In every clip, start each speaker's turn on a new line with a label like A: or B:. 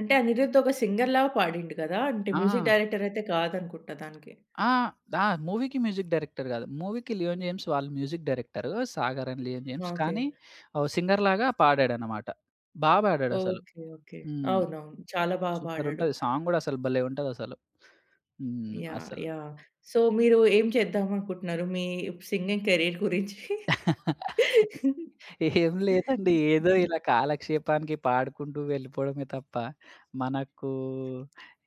A: అంటే 'అనిరుద్' ఒక సింగర్‌లా పాడిండు కదా! అంటే మ్యూజిక్
B: ఆ!
A: డైరెక్టర్ అయితే కాదు అనుకుంటా దానికి.
B: ఆ! ద మూవీ‌కి మ్యూజిక్ డైరెక్టర్ గాదు. మూవీ‌కి 'లియోనిమ్స్' వాళ్ళు మ్యూజిక్ డైరెక్టరు. 'సాగర్' అండ్ 'లియోనిమ్స్'.
A: ఓకే.
B: కానీ ఓ సింగర్ లాగా పాడాడన్నమాట. బా పాడాడు అసలు.
A: ఓకే. ఓకే.
B: హ్మ్.
A: అవునవును. చాలా బాగా పాడాడు.
B: సూపరంటది. సాంగ్ కూడా అసలు భలే ఉంటది అసలు. హ్మ్.
A: యాహ్!
B: అసలు.
A: యాహ్! సో, మీరు ఏం చేద్దాం అనుకుంటున్నారు మీ సింగింగ్ కేరియర్ గురించి?
B: ఏం
A: హ్మ్,
B: లేదండి. ఏదో
A: హుహు.
B: ఇలా కాలక్షేపానికి పాడుకుంటూ వెళ్ళిపోవడమే తప్ప మనకు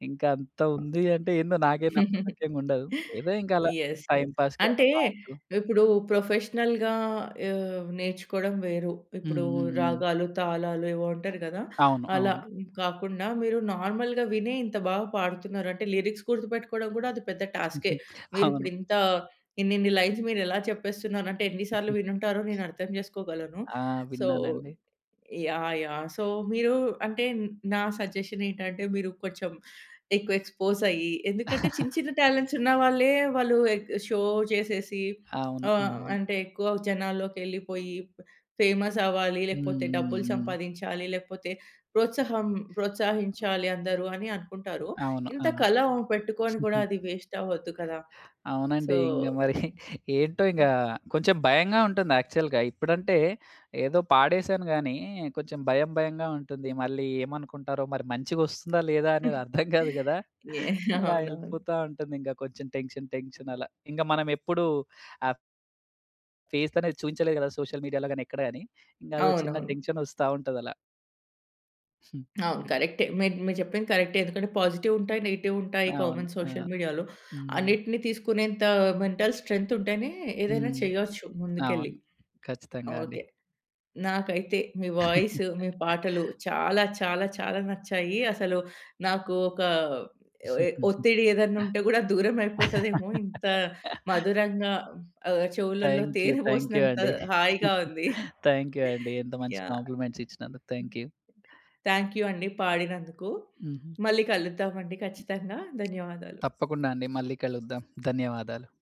B: ఇంకా అంత ఉంది అంటే ఏందో నాకే నమ్మసక్యంగుండదు. ఏదో ఇంకా అలా
A: యస్.
B: Time‌
A: yes.
B: పాస్‌కి అలా
A: అంటే
B: పాడుతూ
A: ఇప్పుడు ప్రొఫెషనల్‌గా ఆహ్, నేర్చుకోవడం వేరు.
B: హ్మ్.
A: ఇప్పుడు
B: హ్మ్. హ్మ్.
A: రాగాలు, తాళాలు ఏవో అంటారు గదా!
B: అవును.
A: అలా
B: అవును.
A: కాకుండా మీరు నార్మల్‌గా వినే ఇంత బాగా పాడుతున్నారంటే లిరిక్స్ గుర్తుపెట్టుకోవడం గూడా అది పెద్ద టాస్కె.
B: హుహు.
A: మీరు
B: అవును.
A: ఇప్పుడు ఇంత ఇన్నిన్ని లైన్స్ మీరు ఎలా చెప్పేస్తున్నారంటే ఎన్ని సార్లు
B: హుహు.
A: వినుంటారో నేను అర్థం చేసుకోగలను.
B: ఆ!
A: సో
B: విన్నానండి.
A: యాహ్! యాహ్! సో మీరు అంటే నా సజెషనేంటంటే మీరు కొంచెం ఎక్కువ ఎక్స్‌పోజ్ అయ్యి, ఎందుకంటే చిన్న చిన్న టాలెంట్సున్నా వాళ్లే వాళ్ళు ఏక్ షో చేసేసి
B: అవును.
A: ఆహ్,
B: అవును.
A: అంటే ఎక్కువ జనాల్లోకి ఎళ్ళిపోయి బ ఫేమస్ అవ్వాలి,
B: హ్మ్.
A: లేకపోతే డబ్బులు
B: హ్మ్. హ్మ్.
A: సంపాదించాలి లేకపోతే ప్రోత్సాహం ప్రోత్సహించాలి అందరు అని అనుకుంటారు.
B: అవును.
A: ఇంత
B: అవును.
A: కళ పెట్టుకొని గూడా అది వేస్ట్ అవ్వద్దు కదా! సో
B: అవునండి. ఇంగ
A: హ్మ్.
B: మరి ఏంటో ఇంగ కొంచెం భయంగా ఉంటుంది యాక్చువల్‌గా. ఇప్పుడంటే ఏదో పాడేసాను గానీ, కొంచెం భయం భయంగా ఉంటుంది. మళ్ళీ ఏమనుకుంటారో మరి మంచిగా ఒస్తుందా? లేదా? అనేది
A: హ్మ్.
B: అర్థం కాదు గదా!
A: ఏహ్!
B: అలా
A: అవునవును.
B: వెళ్ళిపోతా ఉంటుంది ఇంకా కొంచెం టెన్షన్, టెన్షన్ అలా ఇంకా మనం ఎప్పుడూ ఆ ఫేసనేది చూయించలేదు కదా! సోషల్ మీడియా‌లో గాని ఎక్కడ గాని ఇంగ ఏదో చిన్న
A: అవునవును.
B: టెన్షనొస్తా ఉంటదలా. హ్మ్.
A: అవును. కరెక్టే. మీ మీరు చెప్పింది కరెక్టే. ఎందుకంటే పాజిటివుంటాయి, నెగెటివుంటాయి.
B: అవును.
A: కామన్
B: ఆ!
A: సోషల్ మీడియా‌లో.
B: హ్మ్.
A: అన్నిటిని తీసుకునేంత మెంటల్ స్ట్రెంతుంటేనే ఏదైనా
B: హ్మ్.
A: చేయొచ్చు ముందుకెళ్ళి.
B: అవును. ఖచ్చితంగా అండి.
A: ఓకే. నాకైతే మీ వాయిసు, మీ పాటలు చాలా చాలా చాలా నచ్చాయి. అసలు నాకు ఒక ఏ ఒత్తిడి ఏదైనా ఉంటే కూడా దూరం అయిపోతదేమో ఇంత మధురంగా ఆహ్, చెవులలో
B: థ్యాంక్ యూ.
A: తేనె
B: థ్యాంక్ యూ
A: పోసినంత
B: అండి.
A: హాయిగా ఉంది.
B: థ్యాంక్ యూ అండి. ఇంత మంచి
A: యాహ్!
B: కాంప్లిమెంట్స్ ఇచ్చినందుకు, థ్యాంక్ యూ.
A: థ్యాంక్ యూ అండి పాడినందుకు.
B: హుహు.
A: మళ్ళి కలుద్దాం అండి ఖచ్చితంగా. ధన్యవాదాలు.
B: తప్పకుండా అండి. మళ్ళీ కలుద్దాం. ధన్యవాదాలు.